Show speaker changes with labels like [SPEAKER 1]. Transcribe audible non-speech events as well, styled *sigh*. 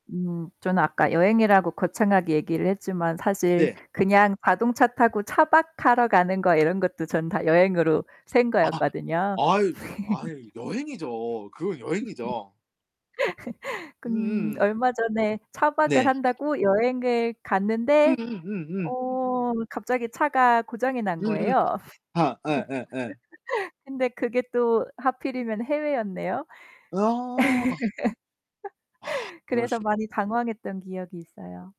[SPEAKER 1] 음 저는 아까 여행이라고 거창하게 얘기를 했지만 사실
[SPEAKER 2] 네.
[SPEAKER 1] 그냥 자동차 타고 차박하러 가는 거 이런 것도 전 다 여행으로 센
[SPEAKER 2] 아
[SPEAKER 1] 거였거든요.
[SPEAKER 2] 아이 아이 여행이죠. 그건 여행이죠.
[SPEAKER 1] *laughs* 근
[SPEAKER 2] 음음.
[SPEAKER 1] 얼마 전에 차박을
[SPEAKER 2] 네.
[SPEAKER 1] 한다고 여행을 갔는데
[SPEAKER 2] 음음음음.
[SPEAKER 1] 어 갑자기 차가 고장이 난
[SPEAKER 2] 음음
[SPEAKER 1] 거예요.
[SPEAKER 2] 아 예예예.
[SPEAKER 1] *laughs* 근데 그게 또 하필이면 해외였네요.
[SPEAKER 2] 아. *sighs*
[SPEAKER 1] *laughs* 그래서
[SPEAKER 2] 그러시
[SPEAKER 1] 많이 당황했던 기억이 있어요.